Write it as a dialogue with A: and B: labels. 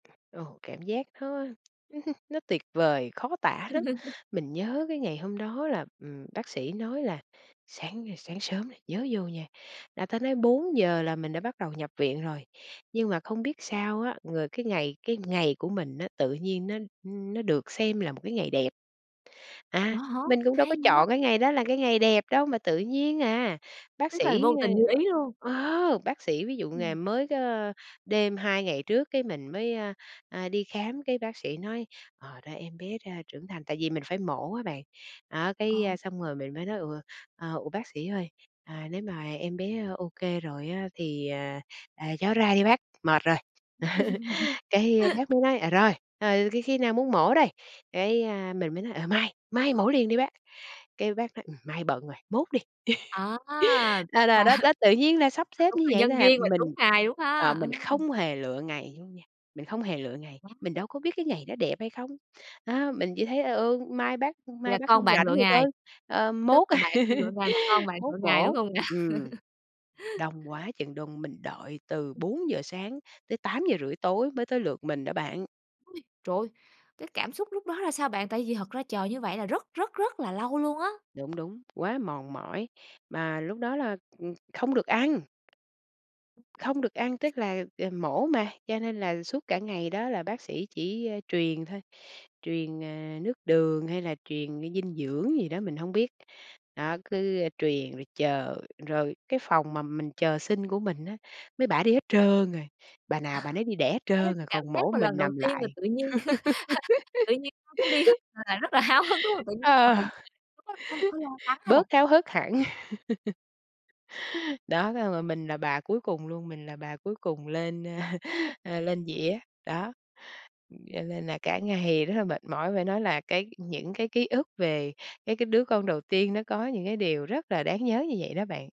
A: Ồ, cảm giác nó nó tuyệt vời, khó tả lắm. Mình nhớ cái ngày hôm đó là, ừm, bác sĩ nói là "Sáng, ơ, sáng sớm nè nhớ vô nha", là ta nói 4:00 là mình đã bắt đầu nhập viện rồi. Nhưng mà không biết sao á, người cái ngày cái ngày của mình á, tự nhiên nó nó được xem là một cái ngày đẹp.
B: Ủa,
A: À,
B: hả?
A: mình cũng đâu
B: Hay
A: có
B: vậy!
A: chọn cái ngày đó là cái ngày đẹp đâu mà tự nhiên à. Bác
B: Tức là
A: sĩ,
B: vô tình như ý luôn.
A: ơ ờ, bác sĩ ví dụ
B: Ừm.
A: ngày mới có đêm 2 ngày trước cái mình mới, a, à, đi khám cái bác sĩ nói: "Ờ, ra em bé ra trưởng thành" tại vì mình phải mổ á bạn. Đó, cái
B: Ờ.
A: xong rồi mình mới nói: "Ủa, ờ, ủa, bác sĩ ơi? À, nếu mà em bé ô kê rồi á thì, à, à, cho nó ra đi bác, mệt rồi", cái bác mới nói: "Ờ, rồi, ờ, khi khi nào muốn mổ đây?" Cái, a, mình mới nói: "Ờ, mai, mai mổ liền đi bác", cái bác nói: "Ừm, mai bận rồi, mốt đi."
B: À!
A: À,
B: Và
A: là đó đó tự nhiên là sắp
B: ờ,
A: xếp
B: đúng
A: như
B: là
A: vậy
B: nhân
A: thôi à,
B: duyên và đúng
A: mình
B: ngày luôn ha,
A: ờ,
B: ờ.
A: mình không hề lựa ngày luôn nha, mình không hề lựa ngày,
B: Quá
A: mình đâu có biết cái ngày đó đẹp hay không. Đó, mình chỉ thấy "Ờ, ừ, mai bác
B: Vậy
A: mai
B: là
A: bác
B: con
A: hông
B: bạn
A: rảnh
B: lựa
A: thì
B: ngày,
A: thôi, ờ,
B: tức
A: mốt
B: là bạn không lựa ngày mà con bạn
A: mốt
B: lựa ngày, đúng
A: mổ."
B: không nè?
A: Ừm, đông quá chừng đông, mình đợi từ 4:00 sáng tới 8:30 tối mới tới lượt mình đó bạn.
B: Ôi, trời ơi! Cái cảm xúc lúc đó ra sao bạn? Tại vì thật ra chờ như vậy là rất, rất, rất là lâu luôn á.
A: Đúng, đúng, quá mòn mỏi. Mà lúc đó là, ừm, không được ăn. Không được ăn, tức là, à, mổ mà, cho nên là suốt cả ngày đó là bác sĩ chỉ truyền thôi, truyền, ờ, nước đường hay là truyền cái dinh dưỡng gì đó mình hông biết. Đó, cứ, ơ, truyền rồi chờ, rồi cái phòng mà mình chờ sinh của mình á, mấy bả đi hết trơn rồi, bà nào bà nấy đi đẻ hết
B: Thế
A: trơn rồi,
B: cảm
A: còn
B: giác
A: mỗi
B: mà lần
A: mình
B: đầu
A: nằm
B: tiên mà
A: lại.
B: tự nhiên tự nhiên [unintelligible] đi hết mà bạn rất là háo hức, đúng không? Tự nhiên
A: Ờ,
B: mình [unintelligible] có l có lo lắng hay là
A: bớt háo hức hẳn. Đó, xong rồi mình là bà cuối cùng luôn, mình là bà cuối cùng lên, a, a, lên dĩa. Đó, cho nên là cả ngày rất là mệt mỏi, phải nói là cái những cái ký ức về cái cái đứa con đầu tiên nó có những cái điều rất là đáng nhớ như vậy đó bạn.